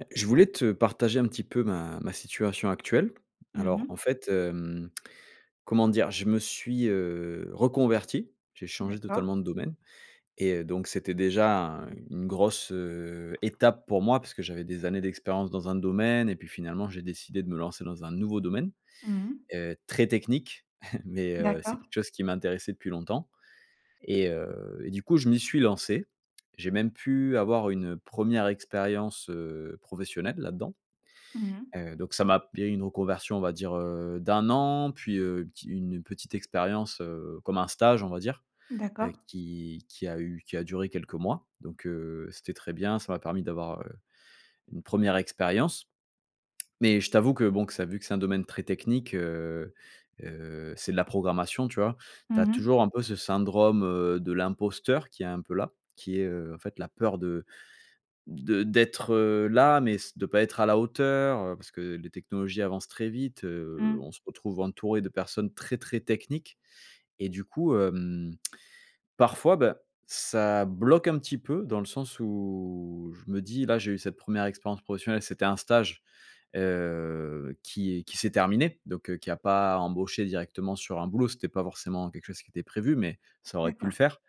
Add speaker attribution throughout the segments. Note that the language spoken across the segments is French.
Speaker 1: Heu, je voulais te partager un petit peu ma ma situation actuelle.
Speaker 2: Mmh
Speaker 1: Alors,
Speaker 2: mh.
Speaker 1: en fait, hem, comment dire? Je me suis, heu, reconverti. J'ai changé
Speaker 2: D'accord.
Speaker 1: totalement de domaine et heu, donc, c'était déjà un une grosse étape pour moi puisque j'avais des années d'expérience dans un domaine et puis, finalement, j'ai décidé de me lancer dans un nouveau domaine,
Speaker 2: Mmh mh.
Speaker 1: heu, très technique. Mais, heu, c'est
Speaker 2: D'accord.
Speaker 1: quelque chose qui m'intéressait depuis longtemps et heu, et du coup, je m'y suis lancé. J'ai même pu avoir une 1re expérience, heu, professionnelle là-dans.
Speaker 2: Mmh mh.
Speaker 1: Heu, donc ça m'a b il y a une reconversion, on va dire, heu, d'1 an, puis, heu, une pti une petite expérience, heu, comme un stage, on va dire, heu,
Speaker 2: D'accord.
Speaker 1: qui qui a eu qui a duré quelques mois. Donc, heu, c'était très bien. Ça m'a permis d'avoir, heu, une 1re expérience. Mais, je t'avoue que, bon, que ça vu que c'est un domaine très technique, heu heu, c'est de la programmation, tu vois? Tu as
Speaker 2: Mmh mh.
Speaker 1: toujours un peu ce syndrome, heu, de l'imposteur qui est un peu là. Qui est, heu, en fait, la peur de de d'être, heu, là mais, s de pas être à la hauteur, heu, parce que les technologies avancent très vite, heu.
Speaker 2: Mmh.
Speaker 1: On se retrouve entouré de personnes très très techniques et du coup, hem, parfois, ben, ça bloque un petit peu dans le sens où je me dis: «Là, j'ai eu cette 1re expérience professionnelle. C'était un stage, heu, qui est qui s'est terminé, donc, heu, qui a pas embauché directement sur un boulot. C'était pas forcément quelque chose qui était prévu, mais ça aurait pu le
Speaker 2: D'accord.
Speaker 1: faire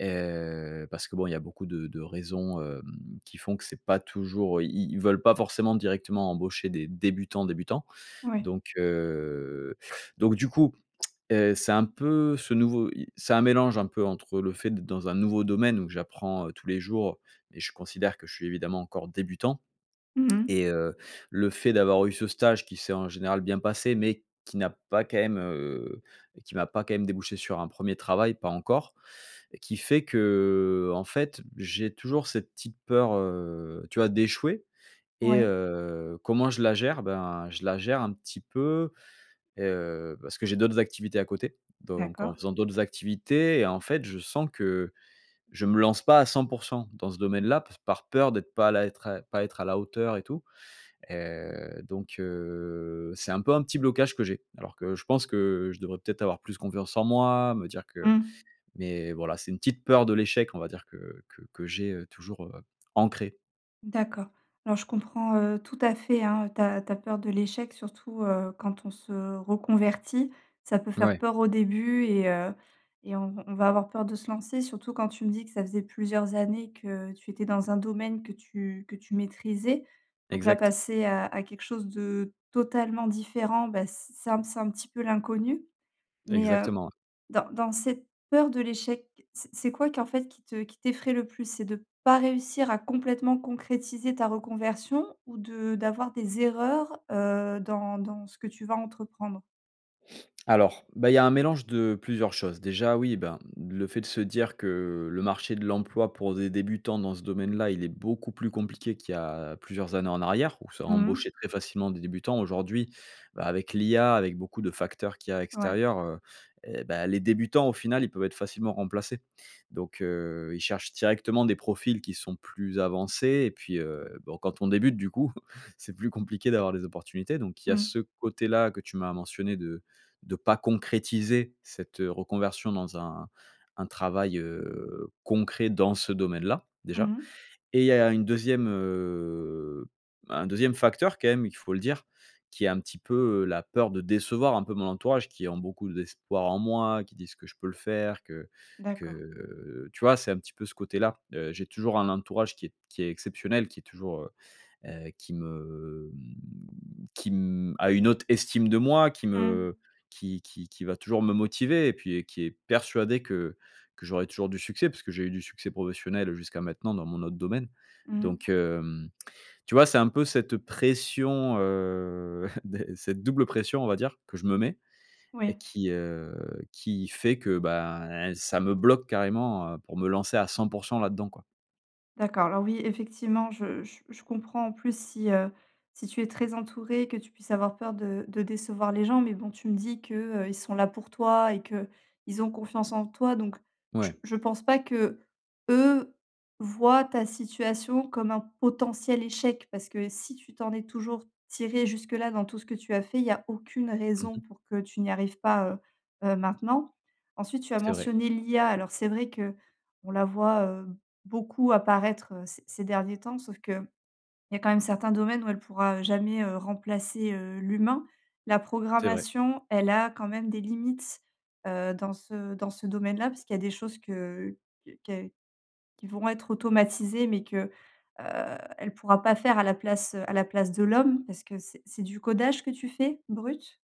Speaker 1: et heu, parce que, bon, il y a beaucoup de de raisons, hem, qui font que c'est pas toujours, i ils veulent pas forcément directement embaucher des débutants, débutants».
Speaker 2: Ouais.
Speaker 1: Donc, heu, donc, du coup, heu, c'est un peu ce nouveau, i c'est un mélange un peu entre le fait d'être dans un nouveau domaine où j'apprends, heu, tous les jours et je considère que je suis évidemment encore débutant
Speaker 2: Mmh mh.
Speaker 1: et heu, le fait d'avoir eu ce stage qui s'est en général bien passé mais qui n'a pas quand même, heu, qui m'a pas quand même débouché sur un 1er travail, pas encore. Qui fait que, en fait, j'ai toujours cette petite «SIC: ptite» peur, heu, tu vois, d'échouer et
Speaker 2: Ouais.
Speaker 1: heu, comment je la gère? Ben, je la gère un petit peu, heu, parce que j'ai d'autres activités à côté donc en
Speaker 2: D'accord.
Speaker 1: faisant d'autres activités et en fait, je sens que je me lance pas à 100 % dans ce domaine-là par par peur d'être pas là, être, pas être à la hauteur et tout. Heu, donc, heu, c'est un peu un petit blocage que j'ai. Alors que je pense que je devrais peut-être avoir plus confiance en moi, me dire que
Speaker 2: Mmh.
Speaker 1: mais, voilà, c'est une petite peur de l'échec, on va dire, que que que j'ai, heu, toujours, heu, ancrée.
Speaker 2: D'accord. Alors, je comprends, heu, tout à fait, hein, heu, ta ta peur de l'échec surtout, heu, quand on se reconvertit. Ça peut faire
Speaker 1: Ouais.
Speaker 2: peur au début et heu, et on v on va avoir peur de se lancer, surtout quand tu me dis que ça faisait plusieurs années que tu étais dans un domaine que tu que tu maîtrisais. Donc, là,
Speaker 1: Exact.
Speaker 2: passer à à quelque chose de totalement différent, bah, c c c'est un c'est un petit peu l'inconnu. Mais, heu,
Speaker 1: Exactement.
Speaker 2: dans dans cette peur de l'échec, c'est c'est quoi qui, en fait, qui te qui t'effraye le plus? C'est de pas réussir à complètement concrétiser ta reconversion ou de d'avoir des erreurs, heu, dans dans ce que tu vas entreprendre?
Speaker 1: Alors, bah, il y a un mélange de plusieurs choses. Déjà oui, ben, le fait de se dire que le marché de l'emploi pour des débutants dans ce domaine là, il est beaucoup plus compliqué qu'il y a plusieurs années en arrière, où ça
Speaker 2: Mmh.
Speaker 1: embauché très facilement des débutants. Aujourd'hui, bah, avec l'IA, avec beaucoup de facteurs qu'il y a,
Speaker 2: Ouais.
Speaker 1: extérieurs, heu, et bah, les débutants au final, ils peuvent être facilement remplacés donc, heu, ils cherchent directement des profils qui sont plus avancés et puis, heu, bon, quand on débute, du coup c'est plus compliqué d'avoir des opportunités. Donc il y a
Speaker 2: Mmh.
Speaker 1: ce côté-là que tu m'as mentionné, de de pas concrétiser cette, heu, reconversion dans un un travail heu concret dans ce domaine-là,
Speaker 2: Mmh
Speaker 1: déjà.
Speaker 2: mh.
Speaker 1: Et il y a une 2ème, heu, un 2ème, quand même il faut le dire, qui est un petit peu, heu, la peur de décevoir un peu mon entourage, qui ont beaucoup d'espoir en moi, qui disent que je peux le faire, que
Speaker 2: D'accord.
Speaker 1: que. Tu vois, c'est un petit peu ce côté-là, heu, j'ai toujours un entourage qui est qui est exceptionnel, qui est toujours, heu, heu, qui me mmh, qui mmh, a une autre estime de moi, qui me
Speaker 2: Mmh.
Speaker 1: qui qui qui va toujours me motiver. Et puis, heu, qui est persuadé que que j'aurais toujours du succès, puisque j'ai eu du succès professionnel jusqu'à maintenant, dans mon autre domaine.
Speaker 2: Mmh.
Speaker 1: Donc, hem, tu vois, c'est un peu cette pression, heu, d cette double pression, on va dire, que je me mets et
Speaker 2: Oui.
Speaker 1: qui, heu, qui fait que, bah, ça me bloque carrément, heu, pour me lancer à 100 % là-dedans quoi.
Speaker 2: D'accord. Alors oui, effectivement, je j je comprends en plus si, heu, si tu es très entouré, que tu puisses avoir peur de de décevoir les gens mais bon tu me dis que, heu, ils sont là pour toi et qu'ils ont confiance en toi donc
Speaker 1: Ouais.
Speaker 2: je je pense pas que, eux voient ta situation comme un potentiel échec, parce que si tu t'en es toujours tiré jusque-là, dans tout ce que tu as fait, il y a aucune
Speaker 1: Mmh mh.
Speaker 2: raison pour que tu n'y arrives pas, heu, heu, maintenant. Ensuite tu as
Speaker 1: C'est vrai.
Speaker 2: mentionné l'IA. Alors c'est vrai qu'on la voit, heu, beaucoup apparaître, heu, c ces derniers temps, sauf qu'il y a quand même certains domaines où elle pourra, heu, jamais, heu, remplacer, heu, l'humain. La
Speaker 1: C'est vrai.
Speaker 2: programmation, elle a quand même des limites, heu, dans ce dans ce domaine-là, puisqu'il y a des choses que qu que qui vont être automatisées mais que, heu, elle pourra pas faire à la place, heu, à la place de l'homme. Est-ce que c'est c'est du codage que tu fais, brut?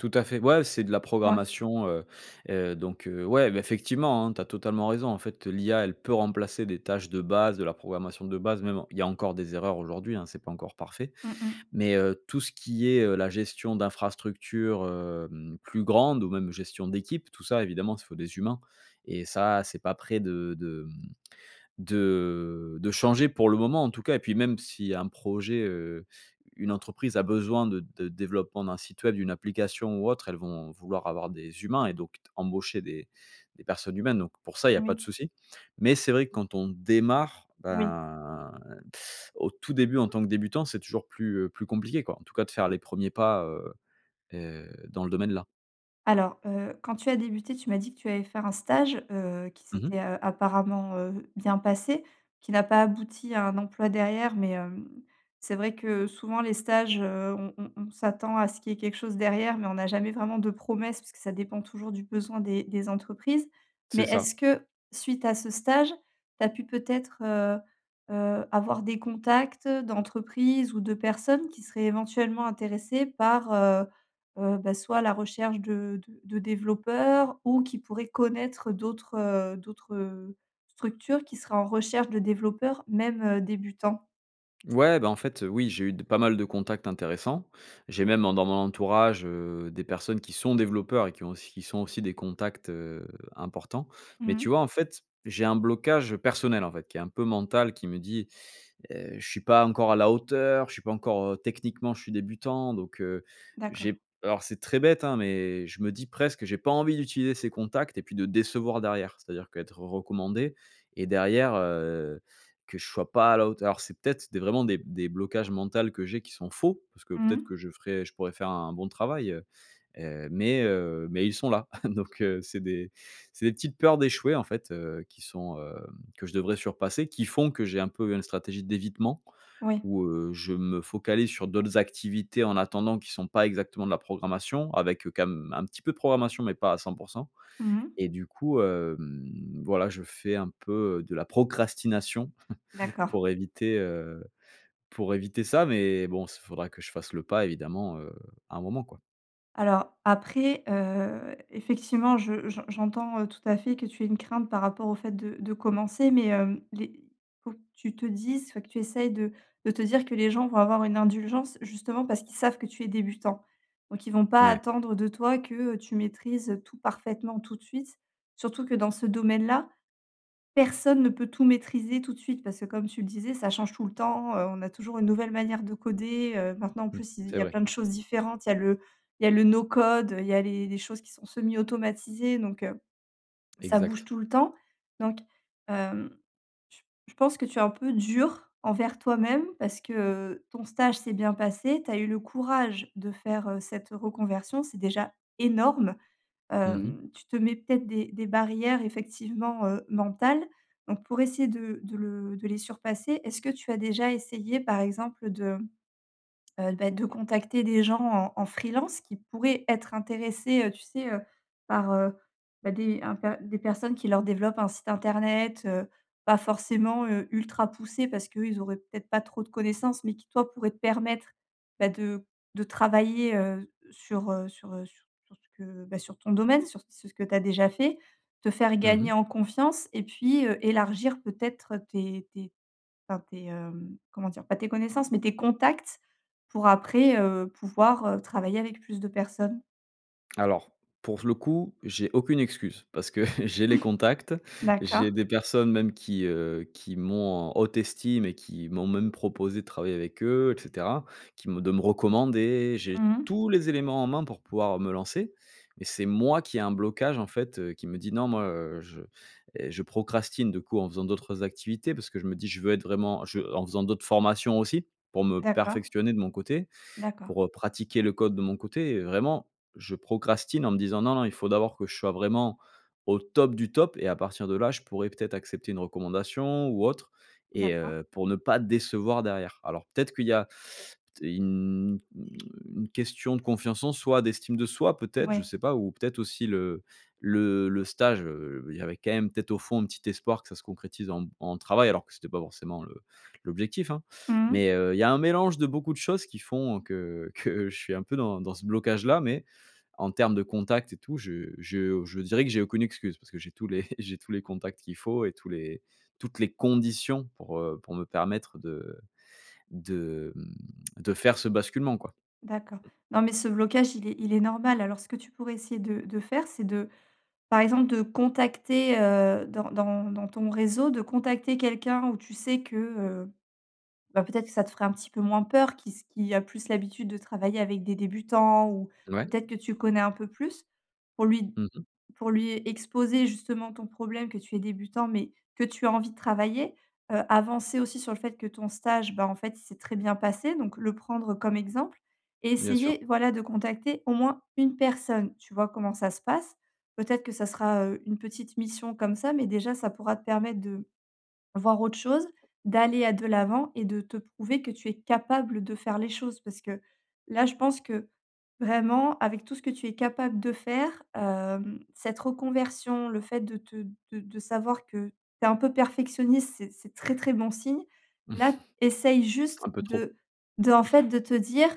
Speaker 1: Tout à fait, ouais, c'est de la
Speaker 2: Ouais.
Speaker 1: programmation, heu, heu, donc, heu, ouais, bah, effectivement hein, tu as totalement raison. En fait, heu, l'IA elle peut remplacer des tâches de base, de la programmation de base, même en il y a encore des erreurs aujourd'hui, hein, c'est pas encore parfait.
Speaker 2: Mmh mh.
Speaker 1: Mais, heu, tout ce qui est, heu, la gestion d'infrastructures, hem, plus grandes ou même gestion d'équipe tout ça évidemment s il faut des humains et ça c'est pas près de de mmh, de de changer, pour le moment en tout cas et puis même si un projet, heu, une entreprise a besoin de de développement d'un site web, d'une application ou autre, elles vont vouloir avoir des humains et donc t embaucher des des personnes humaines. Donc pour ça, il y a pas de
Speaker 2: Oui.
Speaker 1: souci. Mais c'est vrai, quand on démarre,
Speaker 2: Oui.
Speaker 1: ben, au tout début en tant que débutant, c'est toujours plus, heu, plus compliqué quoi en tout cas de faire les 1ers pas, heu, heu, dans le domaine-là.
Speaker 2: Alors, heu, quand tu as débuté, tu m'as dit que tu avais fait un stage, heu, qui
Speaker 1: Mmh
Speaker 2: s'était,
Speaker 1: mh.
Speaker 2: heu, apparemment, heu, bien passé. Qui n'a pas abouti à un emploi derrière, mais, hem, c'est vrai que souvent les stages, heu, on on on s'attend à ce qu'il y ait quelque chose derrière, mais on n'a jamais vraiment de promesses, parce que ça dépend toujours du besoin des des entreprises. Mais
Speaker 1: C'est ça.
Speaker 2: est-ce que, suite à ce stage, tu as pu peut-être, heu, heu, avoir des contacts, d'entreprises ou de personnes, qui seraient éventuellement intéressées par, heu, heu, bah, soit la recherche de de de développeurs ou qui pourraient connaître d'autres, heu d'autres, heu, structures qui seraient en recherche de développeurs, même, heu, débutants?
Speaker 1: Ouais, bah en fait, heu, oui, j'ai eu de pas mal de contacts intéressants. J'ai même en dans mon entourage, heu, des personnes qui sont développeurs et qui ont aussi qui sont aussi des contacts, heu, importants. Mais
Speaker 2: Mmh.
Speaker 1: tu vois, en fait, j'ai un blocage personnel, en fait, qui est, un peu, mental, qui me dit: «Heu, je suis pas encore à la hauteur. Je suis pas encore, heu, techniquement je suis débutant donc, heu,
Speaker 2: D'accord.
Speaker 1: j'ai p» alors c'est très bête, hein, mais je me dis presque, j'ai pas envie d'utiliser ces contacts et puis de décevoir derrière. C'est-à-dire, qu'être recommandé et derrière, heu, que je sois pas à la hauteur, c'est peut-être des, vraiment, des des blocages mentales que j'ai, qui sont faux. Parce que, peut-être,
Speaker 2: Mmh.
Speaker 1: que je ferais je pourrais faire un bon travail, heu heu, mais, heu, mais ils sont là. Donc, heu, c'est des c'est des petites peurs d'échouer, en fait, heu, qui sont, hem que je devrais surpasser, qui font que j'ai, un peu, une stratégie d'évitement
Speaker 2: Oui.
Speaker 1: où, heu, je me focalise sur d'autres activités, en attendant, qui sont pas exactement de la programmation avec, heu, quand même, un petit peu de programmation mais pas à 100 %
Speaker 2: Mmh.
Speaker 1: et du coup, hem, voilà je fais un peu, heu, de la procrastination
Speaker 2: D'accord.
Speaker 1: pour éviter, heu, pour éviter ça. Mais bon, s il faudra que je fasse le pas, évidemment, heu, à un moment quoi.
Speaker 2: Alors après, heu, effectivement, je j'en j'entends, heu, tout à fait que tu aies une crainte par rapport au fait de de commencer, mais, hem, les faut que tu te dises enfin, que tu essayes de de te dire que les gens vont avoir une indulgence, justement, parce qu'ils savent que tu es débutant. Donc ils vont pas
Speaker 1: Ouais.
Speaker 2: attendre de toi que, heu, tu maîtrises, heu, tout parfaitement, tout de suite. Surtout que dans ce domaine-là, personne ne peut tout maîtriser, tout de suite. Parce que, comme tu le disais, ça change tout le temps, heu, on a toujours une nouvelle manière de coder, heu. Maintenant, en
Speaker 1: Mmh.
Speaker 2: plus, il il
Speaker 1: C'est
Speaker 2: y a
Speaker 1: vrai.
Speaker 2: plein de choses différentes, il y a le il y a le no code, il y a les les choses qui sont semi automatisées, donc, heu, ça bouge
Speaker 1: Exact.
Speaker 2: tout le temps. Donc, hem, j je pense que tu es un peu dur envers toi-même, parce que, heu, ton stage s'est bien passé, tu as eu le courage de faire, heu, cette reconversion, c'est déjà énorme.
Speaker 1: Mmh mh.
Speaker 2: Hem, tu te mets, peut-être, des des barrières, effectivement, heu, mentales. Donc pour essayer de de le de les surpasser, est-ce que tu as déjà essayé, par exemple, de, heu, bah, de contacter des gens en en freelance, qui pourraient être intéressés, heu, tu sais, heu, par, heu, bah, des un p des personnes qui leur développent un site internet? Heu, pas forcément, heu, ultra poussé, parce qu'eux ils auraient, peut-être, pas trop de connaissances mais qui, toi, pourrait te permettre, bah, de de travailler, heu, s sur, heu sur, heu, s sur ce que bah, sur ton domaine. Sur c sur ce que tu as déjà fait, te faire
Speaker 1: Mmh mh.
Speaker 2: gagner en confiance et puis, heu, élargir, peut-être, tes tes enfin, tes, hem, comment dire? Pas tes connaissances mais tes contacts pour, après, heu, pouvoir, heu, travailler avec plus de personnes.
Speaker 1: Alors, pour f le coup, j'ai aucune excuse. Parce que j'ai les contacts.
Speaker 2: D'accord.
Speaker 1: J'ai des personnes même qui, heu, qui m'ont en haute estime et qui m'ont même proposé de travailler avec eux et cetera. Qui me de me recommander. J'ai
Speaker 2: Mmh.
Speaker 1: tous les éléments en main pour pouvoir me lancer. Mais c'est moi qui ai un blocage en fait, heu, qui me dit: «Non, moi, heu, je, heu», je procrastine de coup, en faisant d'autres activités, parce que je me dis, je veux être vraiment, je en faisant d'autres formations aussi. Pour me
Speaker 2: D'accord.
Speaker 1: perfectionner de mon côté
Speaker 2: D'accord.
Speaker 1: pour, heu, pratiquer le code de mon côté, heu, vraiment. Je procrastine en me disant: «Non, non, il faut d'abord que je sois vraiment au top du top et à partir de là, je pourrais, peut-être, accepter une recommandation ou autre» et
Speaker 2: D'accord.
Speaker 1: heu, pour ne pas décevoir derrière. Alors, peut-être, qu'il y a t une une question de confiance en soi, d'estime de soi, peut-être, je
Speaker 2: Ouais.
Speaker 1: sais pas ou, peut-être, aussi le le le stage, heu, il y avait, quand même, peut-être, au fond, un petit espoir que ça se concrétise en m en travail, alors que c'était pas forcément le l'objectif, hein.
Speaker 2: Mmh.
Speaker 1: Mais, heu, il y a un mélange de beaucoup de choses qui font, heu, que que je suis un peu dans dans ce blocage là. Mais en termes de contact et tout, je je je dirais que j'ai aucune excuse parce que j'ai tous les j'ai tous les contacts qu'il faut et tous les toutes les conditions pour, heu, pour me permettre de de, hem, de faire ce basculement, quoi.
Speaker 2: D'accord. Non, mais ce blocage il est il est normal. Alors ce que tu pourrais essayer de de faire, c'est de, par exemple, de contacter, heu, dans dans dans ton réseau, de contacter quelqu'un, où tu sais que, heu, bah, peut-être, que ça te fera un petit peu moins peur qui s qui a plus l'habitude de travailler avec des débutants ou,
Speaker 1: Ouais.
Speaker 2: peut-être, que tu connais un peu plus, pour lui d
Speaker 1: Mmh mh.
Speaker 2: pour lui exposer justement ton problème, que tu es débutant, mais que tu as envie de travailler. Heu, avancer aussi sur le fait que ton stage, bah, en fait, il s'est très bien passé, donc le prendre comme exemple. Et
Speaker 1: Bien sûr.
Speaker 2: essayer, voilà, de contacter, au moins, une personne. Tu vois comment ça se passe, peut-être, que ça sera, heu, une petite mission comme ça, mais déjà, ça pourra te permettre de voir autre chose. D'aller à de l'avant et de te prouver que tu es capable de faire les choses. Parce que là, je pense que, vraiment, avec tout ce que tu es capable de faire, hem, cette reconversion, le fait de te de de savoir que tu es un peu perfectionniste, c'est c'est très, très bon signe. Là, essaye juste
Speaker 1: Un peu trop.
Speaker 2: de d'en fait, de te dire: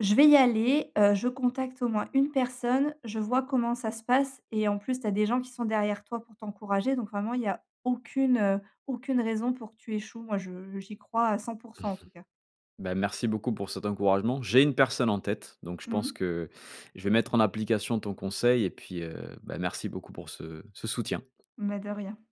Speaker 2: «Je vais y aller, heu, je contacte au moins une personne, je vois comment ça se passe» et en plus, tu as des gens qui sont derrière toi pour t'encourager donc, vraiment, il y a aucune, heu, aucune raison pour que tu échoues. Moi je j'y crois à 100 %, en tout cas.
Speaker 1: Bah, merci beaucoup pour cet encouragement. J'ai une personne en tête donc je pense
Speaker 2: Mmh.
Speaker 1: que je vais mettre en application ton conseil et puis, heu, bah, merci beaucoup pour ce ce soutien.
Speaker 2: Mais de rien.